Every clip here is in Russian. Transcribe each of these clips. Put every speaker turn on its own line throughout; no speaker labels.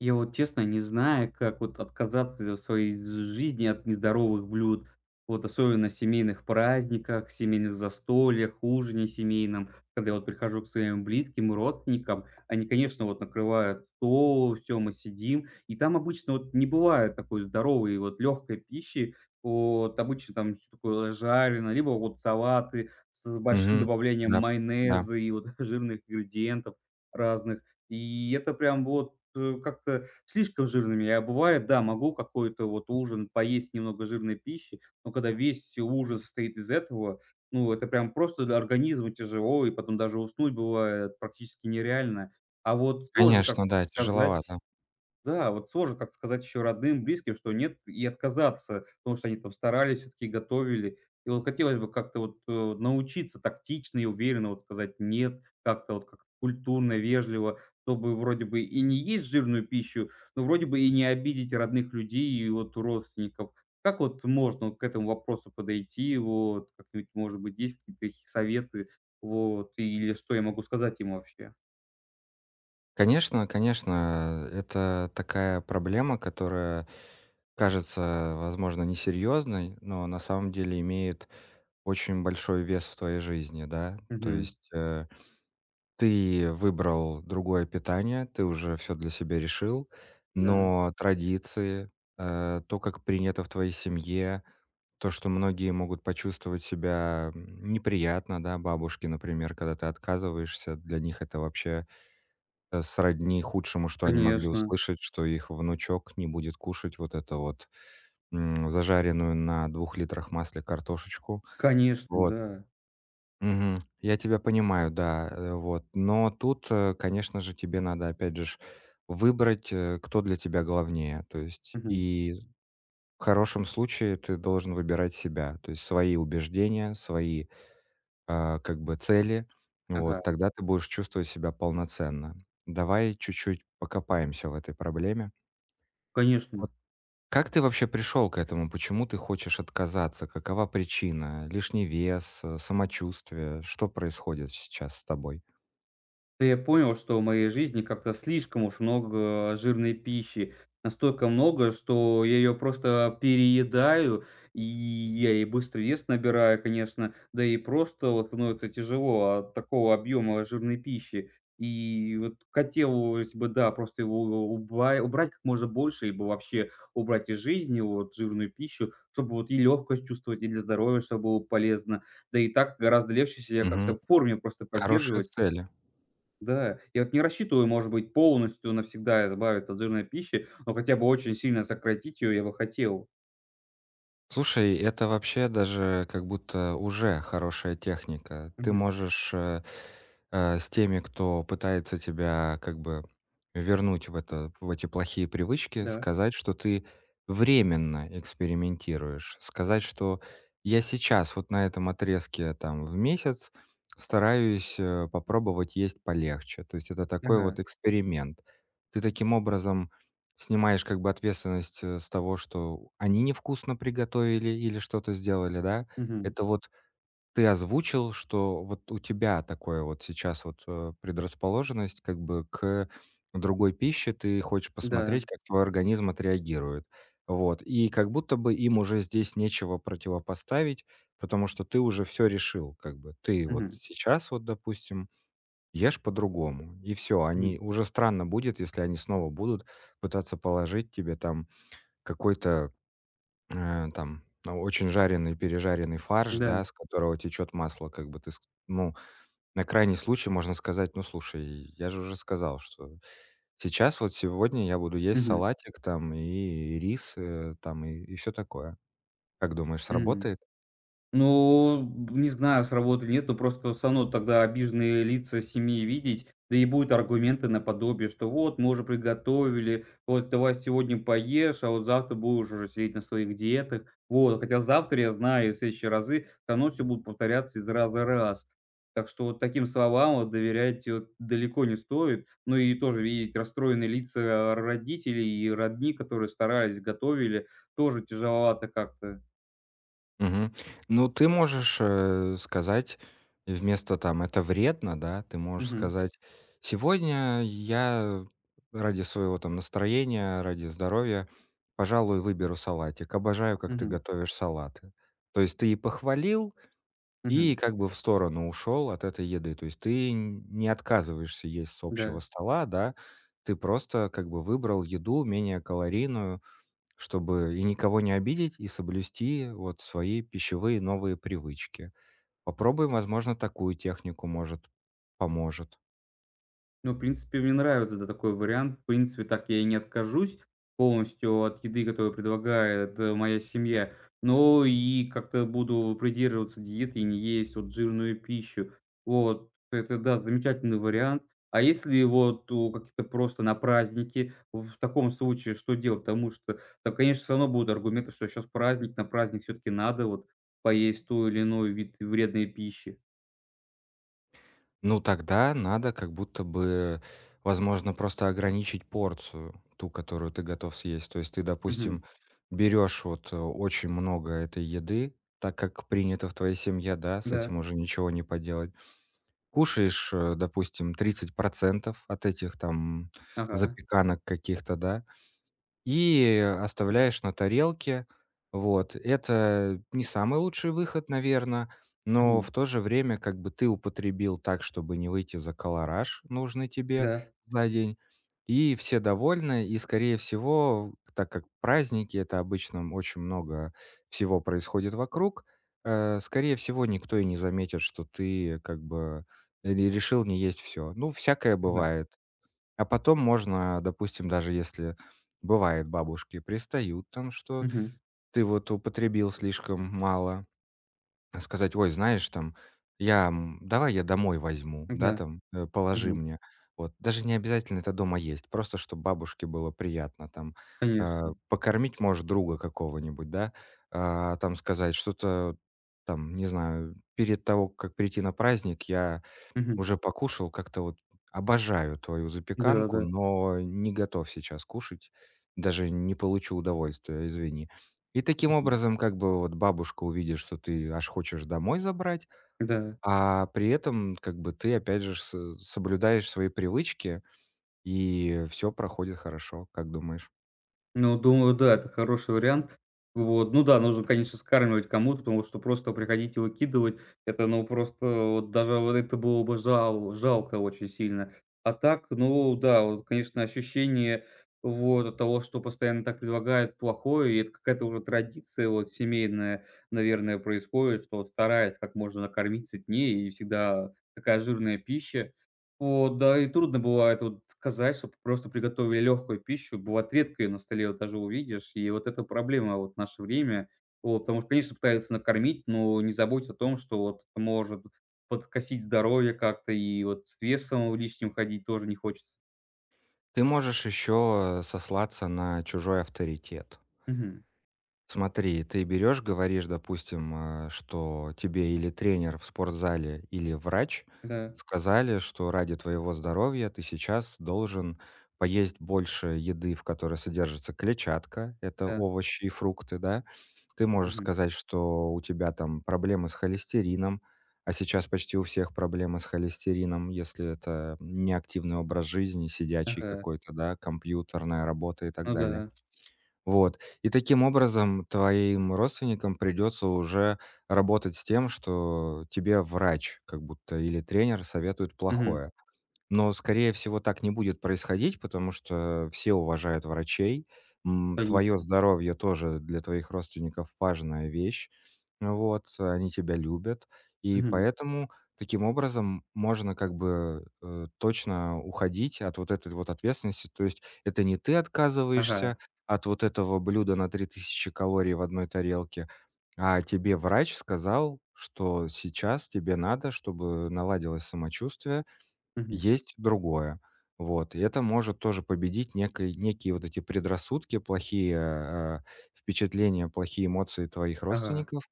Я вот, честно, не знаю, как вот отказаться в своей жизни от нездоровых блюд. Вот особенно в семейных праздниках, семейных застольях, ужине семейном. Когда я вот прихожу к своим близким, родственникам, они, конечно, вот накрывают стол. Всё, мы сидим, и там обычно вот не бывает такой здоровой, вот лёгкой пищи. Вот обычно там всё такое жареное, либо вот салаты с большим
Мгм.
добавлением
Да. Да.
майонеза и вот жирных ингредиентов разных. И это прям вот, э, как-то слишком жирными. А бывает, да, могу какой-то вот ужин поесть немного жирной пищи. Но когда весь, все ужин состоит из этого, ну, это прям просто, да, организму тяжело. И потом даже уснуть бывает практически нереально. А вот сложно
Конечно,
как-то
да.
сказать
Тяжеловато.
да, вот сложно как-то сказать ещё родным, близким, что нет, и отказаться, потому что они там старались всё-таки, готовили. И вот хотелось бы как-то вот, э, научиться тактично и уверенно вот сказать "нет". Как-то вот как-то культурно, вежливо, чтобы вроде бы и не есть жирную пищу, но вроде бы и не обидеть родных людей и вот родственников. Как вот можно вот к этому вопросу подойти? Вот как-нибудь, может быть, есть какие-то такие советы, вот, или что я могу сказать им вообще?
Конечно, конечно. Э, это такая проблема, которая кажется, возможно, несерьёзной, но на самом деле имеет очень большой вес в твоей жизни, да? То
Мгм.
есть, э, ты выбрал другое питание, ты уже всё для себя решил.
Да.
Но традиции, э, то, как принято в твоей семье, то, что многие могут почувствовать себя, м, неприятно, да, бабушки, например, когда ты отказываешься, для них это вообще, э, сродни худшему, что они могли
Конечно.
услышать, что их внучок не будет кушать вот эту вот, м, зажаренную на 2 литрах масле картошечку.
Конечно,
Вот.
да.
Мгм. Я тебя понимаю, да, э, вот. Но тут, э, конечно же, тебе надо опять же ж выбрать, э, кто для тебя главнее. То есть
Мгм.
и в хорошем случае ты должен выбирать себя. То есть свои убеждения, свои, э, как бы цели. Вот
Ага.
тогда ты будешь чувствовать себя полноценно. Давай чуть-чуть покопаемся в этой проблеме. Вот
Конечно.
как ты вообще пришёл к этому? Почему ты хочешь отказаться? Какова причина? Лишний вес, э, самочувствие? Что происходит сейчас с тобой?
Да я понял, что в моей жизни как-то слишком уж много жирной пищи. Настолько много, что я её просто переедаю, и я и быстро вес набираю, конечно. Да и просто вот становится тяжело от такого объёма жирной пищи. И вот хотелось бы, да, просто его у у уба убрать как можно больше либо вообще убрать из жизни вот жирную пищу, чтобы вот и лёгкость чувствовать, и для здоровья чтобы было полезно. Да и так гораздо легче себя как-то
Мгм.
в форме просто
Хорошие
поддерживать.
цели.
Да, я вот не рассчитываю, может быть, полностью навсегда избавиться от жирной пищи, но хотя бы очень сильно сократить её я бы хотел.
Слушай, это вообще даже как будто уже хорошая техника. Ты
Мгм.
можешь, э э, с теми, кто пытается тебя как бы вернуть в это в эти плохие привычки,
Да.
сказать, что ты временно экспериментируешь. Сказать, что я сейчас вот на этом отрезке, там, в месяц стараюсь, э, попробовать есть полегче. То есть это такой вот
Ага.
эксперимент. Ты таким образом снимаешь как бы ответственность, э, с того, что они невкусно приготовили или что-то сделали, да?
Мгм.
Это вот ты озвучил, что вот у тебя такое вот сейчас вот, э, предрасположенность как бы к другой пище. Ты хочешь
Да.
посмотреть, как твой организм отреагирует. Вот. И как будто бы им уже здесь нечего противопоставить, потому что ты уже всё решил. Как бы ты вот
Мгм.
сейчас вот, допустим, ешь по-другому и всё. Они
Мгм.
уже странно будет, если они снова будут пытаться положить тебе там какой-то, э, там, очень жареный, пережаренный фарш,
Да.
да, с которого течёт масло, как бы ты ск ну, на крайний случай можно сказать: "Ну, слушай, я же уже сказал, что сейчас, вот сегодня я буду есть
Мгм.
салатик там и рис, э, там и всё такое". Как думаешь,
Мгм.
сработает?
Ну, м, не знаю, сработает или нет, но просто всё равно тогда обиженные лица семьи видеть, да и будут аргументы наподобие, что вот мы уже приготовили, вот давай сегодня поешь, а вот завтра будешь уже сидеть на своих диетах. Вот. Хотя завтра, я знаю, и в следующие разы всё равно всё будет повторяться из раза раз. Так что вот таким словам вот доверять вот далеко не стоит. Ну и тоже видеть расстроенные лица р родителей и родни, которые старались, готовили, тоже тяжеловато как-то.
Мгм. Ну, ты можешь, э, сказать вместо там это вредно да, ты можешь
Мгм.
сказать: "Сегодня я ради своего там настроения, ради здоровья, пожалуй, выберу салатик. Обожаю, как ты
Мгм.
готовишь салаты". То есть ты и похвалил, и
Мгм.
как бы в сторону ушёл от этой еды. То есть ты нь не отказываешься есть с общего
Да.
стола, да, ты просто как бы выбрал еду менее калорийную, чтобы и никого не обидеть, и соблюсти вот свои пищевые новые привычки. Попробуй, возможно, такую технику. Может, поможет.
Ну, в принципе, мне нравится, да, такой вариант. В принципе, так я и не откажусь полностью от еды, которую предлагает, э, моя семья, но и как-то буду придерживаться диеты и не есть вот жирную пищу. Вот это, да, замечательный вариант. А если вот у какие-то просто на праздники, в таком случае что делать? Потому что там, конечно, всё равно будут аргументы, что щас праздник. На праздник всё-таки надо вот поесть той или иной вид вредной пищи.
Ну, тогда надо как будто бы, возможно, просто ограничить порцию ту, которую ты готов съесть. То есть ты, допустим,
Мгм.
берёшь вот, э, очень много этой еды, так, как принято в твоей семье, да? С
Да.
этим уже ничего не поделать. Кушаешь, э, допустим, 30 % от этих, там,
Ага.
запеканок каких-то, да? И, э, оставляешь на тарелке. Вот. Это не самый лучший выход, наверно. Но в
Мгм.
то же время как бы ты употребил так, чтобы не выйти за калораж, нужный тебе
Да.
за день. И все довольны. И, скорее всего, в так как праздники- это обычно, м, очень много всего происходит вокруг, э, скорее всего, никто и не заметит, что ты как бы, э, н решил не есть всё. Ну, всякое
М-да.
бывает. А потом можно, допустим, даже если бывает, бабушки пристают, там, что
Мгм.
ты вот употребил слишком мало, э, сказать: "Ой, знаешь, там, я, м, давай я домой возьму, да,
М-да.
там, э, положи
Мгм.
мне". Вот даже не обязательно это дома есть. Просто чтоб бабушке было приятно, там. Э,
Конечно.
покормить, может, друга какого-нибудь, да? А, там, сказать что-то, там, не знаю: "Перед того, как прийти на праздник, я
Мгм.
уже покушал как-то. Вот обожаю твою запеканку,
Да-да-да.
но не готов сейчас кушать. Даже не получу удовольствия, извини". И таким
Мгм.
образом, как бы вот бабушка увидит, что ты аж хочешь домой забрать,
Да.
а при этом как бы ты опять же с э, соблюдаешь свои привычки, и, э, всё проходит хорошо. Как думаешь?
Ну, думаю, да, это хороший вариант. Вот. Ну да, нужно, конечно, скармливать кому-то, потому что просто приходить и выкидывать это, ну, просто вот даже вот это было бы жал жалко очень сильно. А так, ну да, вот, конечно, ощущение вот от того, что постоянно так предлагают плохое. И это какая-то уже традиция вот семейная, наверное, происходит, что вот стараются как можно накормить сытнее, и всегда такая жирная пища. Вот, да и трудно бывает вот сказать, чтоб просто приготовили легкую пищу. Бывает, редко ее на столе вот даже увидишь. И вот эта проблема вот в наше время вот, потому что, конечно, пытаются накормить, но не заботятся о том, что вот это может подкосить здоровье как-то. И вот с весом лишним ходить тоже не хочется.
Ты можешь ещё, э, сослаться на чужой авторитет.
Мгм.
Смотри, ты берёшь, говоришь, допустим, э, что тебе или тренер в спортзале, или врач
Да.
сказали, что ради твоего здоровья ты сейчас должен поесть больше еды, в которой содержится клетчатка. Это
Да.
овощи и фрукты, да? Ты можешь
Мгм.
сказать, что у тебя там проблемы с холестерином, а сейчас почти у всех проблемы с холестерином, если это не активный образ жизни, сидячий
Ага.
какой-то, да, компьютерная работа и так
Ну
далее.
да.
Вот. И таким образом, твоим родственникам придётся уже работать с тем, что тебе врач как будто или тренер советует
Мгм.
плохое. Но, скорее всего, так не будет происходить, потому что все уважают врачей. М, твоё
Конечно.
здоровье тоже для твоих родственников важная вещь. Вот. Они тебя любят, и
Мгм.
поэтому таким образом можно как бы, э, точно уходить от вот этой вот ответственности. То есть это не ты
Ага.
отказываешься от вот этого блюда на 3000 калорий в одной тарелке, а тебе врач сказал, что сейчас тебе надо, чтобы наладилось самочувствие,
Мгм.
есть другое. Вот. И это может тоже победить некой некие вот эти предрассудки, плохие, э, впечатления, плохие эмоции твоих
Ага.
родственников.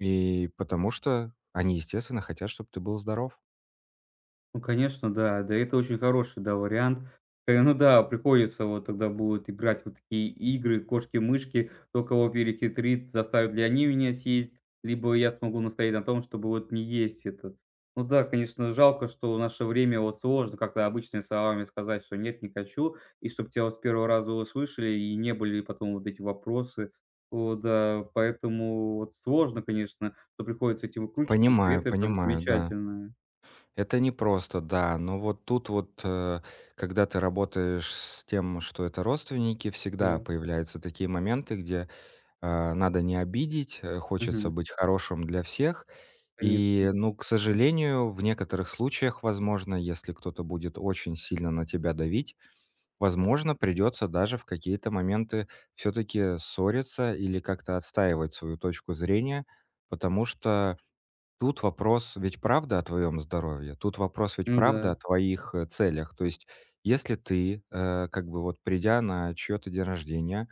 И потому что они, естественно, хотят, чтоб ты был здоров.
Ну, конечно, да. Да, это очень хороший, да, вариант. Э, ну да. Приходится вот тогда будет играть вот в такие игры в кошки-мышки. Кто кого перехитрит, заставят ли они меня съесть, либо я смогу настоять на том, чтобы вот не есть это. Ну да, конечно, жалко, что в наше время вот сложно как-то обычными словами сказать, что нет, не хочу. И чтоб тя вот с первого раза услышали и не были потом вот эти вопросы. Вот, да. Поэтому вот сложно, конечно, но приходится этими выкручиваться. И при
Понимаю,
этом там
понимаю, да.
замечательное.
Это непросто, да. Но вот тут вот, э, когда ты работаешь с тем, что это родственники, всегда
Да.
появляются такие моменты, где, э, надо не обидеть, э, хочется
Мгм.
быть хорошим для всех.
Конечно.
И, ну, к сожалению, в некоторых случаях, возможно, если кто-то будет очень сильно на тебя давить, возможно, придётся даже в какие-то моменты всё-таки ссориться или как-то отстаивать свою точку зрения. Потому что тут вопрос ведь правда о твоём здоровье. Тут вопрос ведь
Ну да.
правда о твоих, э, целях. То есть если ты, э, как бы, вот придя на чьё-то день рождения,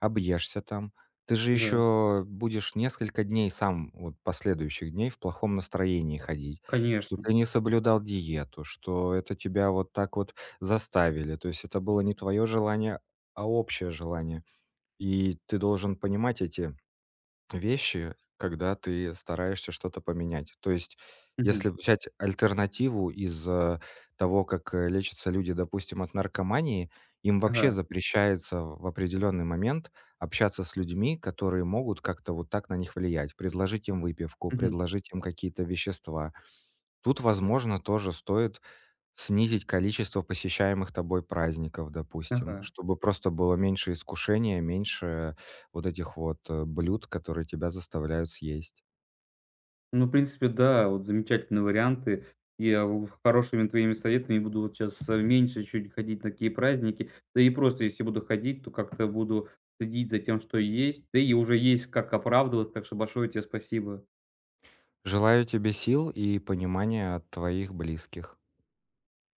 объешься там, ты же
Та да.
ещё будешь несколько дней сам вот последующих дней в плохом настроении ходить, что
Конечно.
ты не соблюдал диету, что это тебя вот так вот заставили. То есть это было не твоё желание, а общее желание. И ты должен понимать эти вещи, когда ты стараешься что-то поменять. То есть
Мгм.
если взять альтернативу из, э, того, как, э, лечатся люди, допустим, от наркомании, им вообще
Ага.
запрещается в определённый момент общаться с людьми, которые могут как-то вот так на них влиять: предложить им выпивку,
Мгм.
предложить им какие-то вещества. Тут, возможно, тоже стоит снизить количество посещаемых тобой праздников, допустим,
Ага.
чтобы просто было меньше искушения, меньше вот этих вот, э, блюд, которые тебя заставляют съесть.
Ну, в принципе, да. Вот замечательные варианты. Я у хорошими твоими советами буду вот щас, а, меньше чуть ходить на такие праздники, да и просто если буду ходить, то как-то буду следить за тем, что есть. Да и уже есть как оправдываться. Так что большое те спасибо.
Желаю тебе сил и понимания от твоих близких.